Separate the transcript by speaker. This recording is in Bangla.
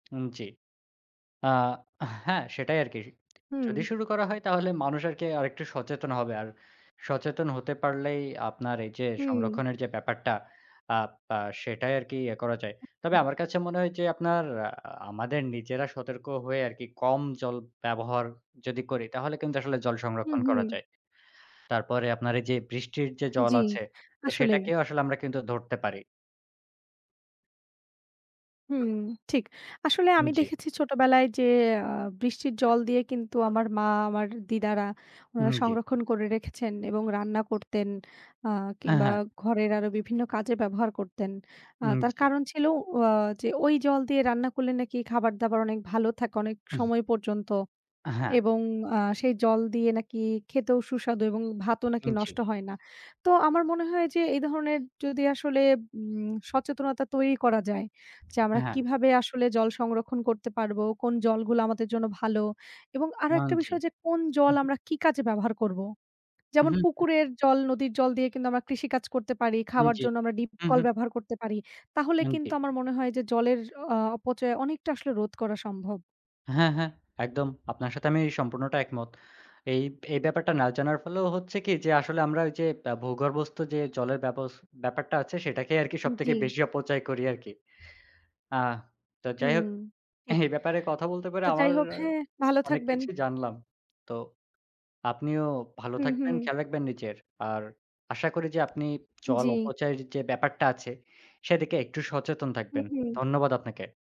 Speaker 1: উম জি। আ হ্যাঁ, সেটাই আরকি। যদি
Speaker 2: হুম।
Speaker 1: শুরু করা হয় তাহলে মানুষ আরকি আরেকটু সচেতন হবে। আর সচেতন হতে পারলেই আপনার এই যে,
Speaker 2: হুম।
Speaker 1: সংরক্ষণের যে, ব্যাপারটা, আ পা সেটাই আরকি ইয়ে করা যায়। তবে আমার কাছে মনে হয় যে, আপনার আমাদের নিজেরা সতর্ক হয়ে আরকি, কম জল ব্যবহার যদি করি, তাহলে কিন্তু আসলে জল
Speaker 2: হুম,
Speaker 1: সংরক্ষণ করা
Speaker 2: হুম।
Speaker 1: যায়। তারপরে আপনার এই যে, বৃষ্টির যে, জল
Speaker 2: জি,
Speaker 1: আছে, তো
Speaker 2: আসলেই।
Speaker 1: সেটাকেও আসলে আমরা কিন্তু ধরতে পারি।
Speaker 2: হুম, ঠিক আসলে আমি
Speaker 1: জি।
Speaker 2: দেখেছি ছোটোবেলায় যে, আ বৃষ্টির জল দিয়ে কিন্তু আমার মা আমার দিদারা
Speaker 1: উম
Speaker 2: ওনারা
Speaker 1: জি।
Speaker 2: সংরক্ষণ করে রেখেছেন, এবং রান্না করতেন, আ
Speaker 1: হ্যাঁ,
Speaker 2: কিংবা
Speaker 1: হ্যাঁ।
Speaker 2: ঘরের আরও বিভিন্ন কাজে ব্যবহার করতেন। আ
Speaker 1: উম
Speaker 2: তার
Speaker 1: জি।
Speaker 2: কারণ ছিল আ যে, ওই জল দিয়ে রান্না করলে নাকি খাবার-দাবার অনেক ভালো থাকে অনেক
Speaker 1: হুম।
Speaker 2: সময় পর্যন্ত
Speaker 1: হ্যাঁ।
Speaker 2: এবং আ সেই জল দিয়ে নাকি খেতেও সুস্বাদু এবং ভাতও নাকি
Speaker 1: উম জি।
Speaker 2: নষ্ট হয় না। তো আমার মনে হয় যে, এই ধরনের যদি আসলে উম সচেতনতা তৈরি করা যায়, যে, আমরা
Speaker 1: হ্যাঁ।
Speaker 2: কিভাবে আসলে জল সংরক্ষণ করতে পারব, কোন জলগুলো আমাদের জন্য ভালো এবং আরো একটা
Speaker 1: মানছি।
Speaker 2: বিষয় যে, কোন
Speaker 1: হু,
Speaker 2: জল
Speaker 1: হুম।
Speaker 2: আমরা কি কাজে ব্যবহার করব। যেমন
Speaker 1: হুম।
Speaker 2: পুকুরের জল, নদীর জল দিয়ে কিন্তু আমরা কৃষিকাজ করতে পারি, খাওয়ার
Speaker 1: জি।
Speaker 2: জন্য আমরা ডিপ
Speaker 1: হু, হুম।
Speaker 2: কলব্যবহার করতে পারি। তাহলে
Speaker 1: উম জি।
Speaker 2: কিন্তু আমার মনে হয় যে, জলের আ অপচয় অনেকটা আসলে রোধ করা সম্ভব।
Speaker 1: হ্যাঁ, হ্যাঁ, একদম। আপনার সাথে আমি সম্পূর্ণটা একমত। এই এই ব্যাপারটা না জানার ফলেও হচ্ছে কি যে, আসলে আমরা যে, ব্যা ভূগর্ভস্থ যে, জলের ব্যব ব্যাপারটা আছে সেটাকেই আরকি সবথেকে
Speaker 2: জি।
Speaker 1: বেশি অপচয় করি আরকি। আ তো যাই
Speaker 2: হুম।
Speaker 1: হোক, এ
Speaker 2: ঠিক,
Speaker 1: ব্যাপারে কথা বলতে পারে
Speaker 2: তো যাই
Speaker 1: আমার
Speaker 2: হোক হ্যাঁ, ভালো
Speaker 1: অনেক
Speaker 2: থাকবেন।
Speaker 1: কিছু জানলাম। তো আপনিও ভালো
Speaker 2: হুম,
Speaker 1: থাকবেন,
Speaker 2: হুম।
Speaker 1: খেয়াল রাখবেন নিজের। আর আশা করি যে, আপনি জল
Speaker 2: জি।
Speaker 1: অপচায় যে, ব্যাপারটা আছে, সেদিকে একটু সচেতন
Speaker 2: হুম,
Speaker 1: থাকবেন।
Speaker 2: হুম।
Speaker 1: ধন্যবাদ আপনাকে।